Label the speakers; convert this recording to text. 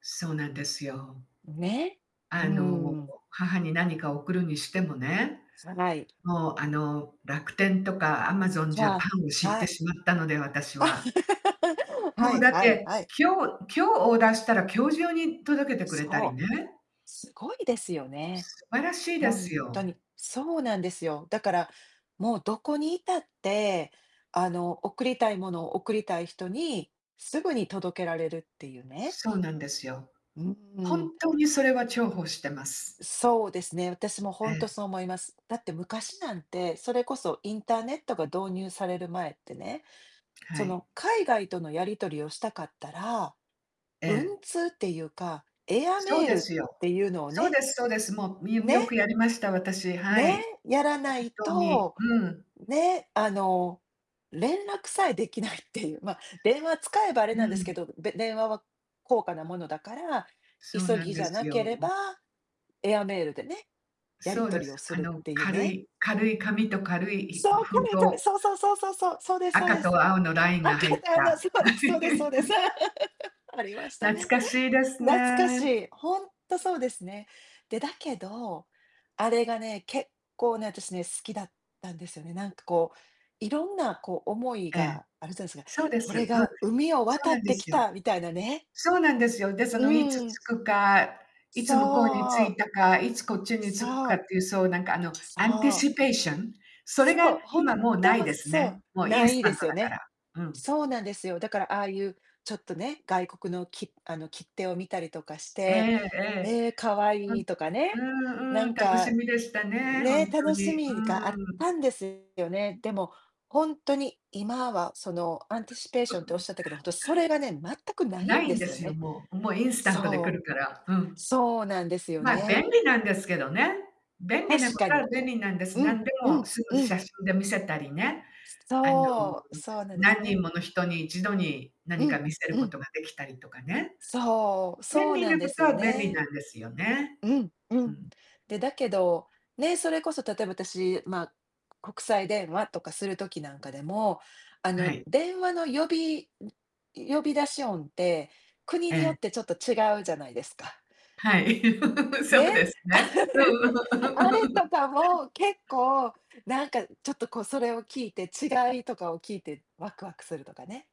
Speaker 1: そうなんですよ。
Speaker 2: ね。う
Speaker 1: あの、
Speaker 2: ん。
Speaker 1: 母に何か送るにしてもね。
Speaker 2: つ、はい。
Speaker 1: もう、あの、楽天とかアマゾンジャパ
Speaker 2: わ
Speaker 1: ンを
Speaker 2: あ、
Speaker 1: 知っ
Speaker 2: は
Speaker 1: て
Speaker 2: い。
Speaker 1: しまったので、私 は。も
Speaker 2: は
Speaker 1: う
Speaker 2: い
Speaker 1: だっ
Speaker 2: はい
Speaker 1: て、
Speaker 2: はい。
Speaker 1: 今日今日オーダーしたら今日中に届けてくれたり
Speaker 2: そ
Speaker 1: ね。
Speaker 2: う。すごいですよね。
Speaker 1: 素晴らしいで
Speaker 2: ほん
Speaker 1: す
Speaker 2: と
Speaker 1: よ。
Speaker 2: に。そうなんですよ。だから、もう、どこにいたって、あの、送りたいものを贈りたい人に、すぐに届けられるっていうね。
Speaker 1: そうなんですよ。
Speaker 2: うーん。
Speaker 1: 本当にそれは重宝してます。
Speaker 2: そうですね、私もほ
Speaker 1: え
Speaker 2: んと
Speaker 1: え。
Speaker 2: そう思います。だって昔なんて、それこそインターネットが導入される前ってね、そ
Speaker 1: はい。
Speaker 2: の、海外とのやり取りをしたかったら、
Speaker 1: え
Speaker 2: 文
Speaker 1: え。
Speaker 2: 通っていうか、エア
Speaker 1: そう
Speaker 2: メー
Speaker 1: で
Speaker 2: ルっ
Speaker 1: すよ。
Speaker 2: ていうのを
Speaker 1: そう
Speaker 2: ね。
Speaker 1: ですそうです。もうみよく
Speaker 2: ね。
Speaker 1: やりました、私。は
Speaker 2: ね、
Speaker 1: い。
Speaker 2: やらな
Speaker 1: 本
Speaker 2: い
Speaker 1: 当に。
Speaker 2: と、
Speaker 1: うん。
Speaker 2: ね、あの、連絡さえできないっていう、まあ、電話使えばあ
Speaker 1: [unintelligible]
Speaker 2: れ
Speaker 1: う
Speaker 2: なんですけ
Speaker 1: ん。
Speaker 2: ど、で電話は高価なものだから、
Speaker 1: そう
Speaker 2: 急
Speaker 1: なん
Speaker 2: ぎじ
Speaker 1: で
Speaker 2: ゃ
Speaker 1: す
Speaker 2: なければ
Speaker 1: よ。
Speaker 2: エアメールでね、やり
Speaker 1: そうで
Speaker 2: 取りを
Speaker 1: す。
Speaker 2: す
Speaker 1: あ
Speaker 2: るっ
Speaker 1: の
Speaker 2: ていう
Speaker 1: 軽
Speaker 2: ね。
Speaker 1: い軽い紙と軽いひ
Speaker 2: そ
Speaker 1: ふ
Speaker 2: う、こ
Speaker 1: 封
Speaker 2: れ、
Speaker 1: 筒。
Speaker 2: そう、そうそうそうそうそう、そうですそう
Speaker 1: 赤
Speaker 2: です。
Speaker 1: と青のラインが
Speaker 2: 赤
Speaker 1: 入
Speaker 2: と
Speaker 1: っ
Speaker 2: 青の、
Speaker 1: た。
Speaker 2: そうですそうですそうです。ありました
Speaker 1: 懐
Speaker 2: ね。
Speaker 1: かしい です
Speaker 2: 懐かし
Speaker 1: ね。
Speaker 2: い。ほんっとそうですね。で、だけど、あれがね、結構ね、私ね、好きだったんですよね。なんかこう、色んなこう思い
Speaker 1: ええ、
Speaker 2: があるじゃないですか。
Speaker 1: そうで
Speaker 2: 「こ
Speaker 1: す。う
Speaker 2: れ
Speaker 1: ん。
Speaker 2: が海を
Speaker 1: そう
Speaker 2: 渡っ
Speaker 1: なんで
Speaker 2: てき
Speaker 1: すよ。
Speaker 2: た」みたいなね。
Speaker 1: そうなんですよ。で、そ
Speaker 2: う
Speaker 1: のいつ着
Speaker 2: ん。
Speaker 1: くか、い
Speaker 2: そ
Speaker 1: つ向こうに着
Speaker 2: う。
Speaker 1: いたか、いつこっちに着く
Speaker 2: そ
Speaker 1: かっ
Speaker 2: う。
Speaker 1: ていう、そうなんか、あの、アンティ
Speaker 2: そう。
Speaker 1: シペーション。それ
Speaker 2: そ
Speaker 1: が
Speaker 2: う、ほん
Speaker 1: 今もうない
Speaker 2: と、
Speaker 1: です
Speaker 2: そう。
Speaker 1: ね。もうイ
Speaker 2: な
Speaker 1: ンス
Speaker 2: い
Speaker 1: タ
Speaker 2: で
Speaker 1: ン
Speaker 2: す
Speaker 1: ト
Speaker 2: よ
Speaker 1: だか
Speaker 2: ね。
Speaker 1: ら。うん。
Speaker 2: そうなんですよ。だから、ああいう、ちょっとね、外国のきあの、切手を見たりとかし
Speaker 1: え
Speaker 2: て、
Speaker 1: えええ。
Speaker 2: ええ、可
Speaker 1: う
Speaker 2: 愛
Speaker 1: ん、
Speaker 2: いとかね、な
Speaker 1: うんうん、
Speaker 2: ん
Speaker 1: 楽し
Speaker 2: か、
Speaker 1: みでしたね、ほ
Speaker 2: ね、
Speaker 1: んと
Speaker 2: 楽し
Speaker 1: に。う
Speaker 2: みがあっ
Speaker 1: ーん。
Speaker 2: たんですよね。でも、ほんとに今はそのアンティシペー
Speaker 1: う
Speaker 2: ションっておっ
Speaker 1: ん。
Speaker 2: しゃったけど、ほんと、それがね、全くない
Speaker 1: な
Speaker 2: ん
Speaker 1: い
Speaker 2: で
Speaker 1: んで
Speaker 2: すよ
Speaker 1: すよ、
Speaker 2: ね。
Speaker 1: もう。もう、インスタントで来
Speaker 2: そ
Speaker 1: る
Speaker 2: う。
Speaker 1: から。うん。
Speaker 2: そうなんですよ
Speaker 1: まあ、
Speaker 2: ね。
Speaker 1: 便利なんですけどね。便利
Speaker 2: 確
Speaker 1: なこ
Speaker 2: か
Speaker 1: とは
Speaker 2: に。
Speaker 1: 便利なんです。
Speaker 2: うん、
Speaker 1: 何で
Speaker 2: う
Speaker 1: も
Speaker 2: ん、
Speaker 1: すぐ
Speaker 2: うん。
Speaker 1: 写真で見せたりね。あの、
Speaker 2: そう。そうなんです
Speaker 1: 何人
Speaker 2: ね。
Speaker 1: もの人に一度に
Speaker 2: う
Speaker 1: 何か
Speaker 2: ん、
Speaker 1: 見せる
Speaker 2: う
Speaker 1: こ
Speaker 2: ん。
Speaker 1: とができたりとかね。
Speaker 2: そう。そ
Speaker 1: 便
Speaker 2: う
Speaker 1: 利
Speaker 2: な
Speaker 1: な
Speaker 2: んで
Speaker 1: こ
Speaker 2: す
Speaker 1: と
Speaker 2: よ
Speaker 1: は便利な
Speaker 2: ね。
Speaker 1: んですよね。
Speaker 2: うん、う
Speaker 1: う
Speaker 2: ん。
Speaker 1: ん。
Speaker 2: で、だけど、ね、それこそ例えば私、まあ、国際電話とかする時なんかでも、あ
Speaker 1: は
Speaker 2: の、
Speaker 1: い。
Speaker 2: 電話の呼びん、呼び出し音って、国
Speaker 1: え
Speaker 2: によっ
Speaker 1: え。
Speaker 2: てちょっと違うじゃないですか。
Speaker 1: はい。そ
Speaker 2: ね。
Speaker 1: うですね。うん うん。
Speaker 2: あれと かも結構、なんか、ちょっとこう、それを聞いて、違いとかを聞いて、わくわくするとかね。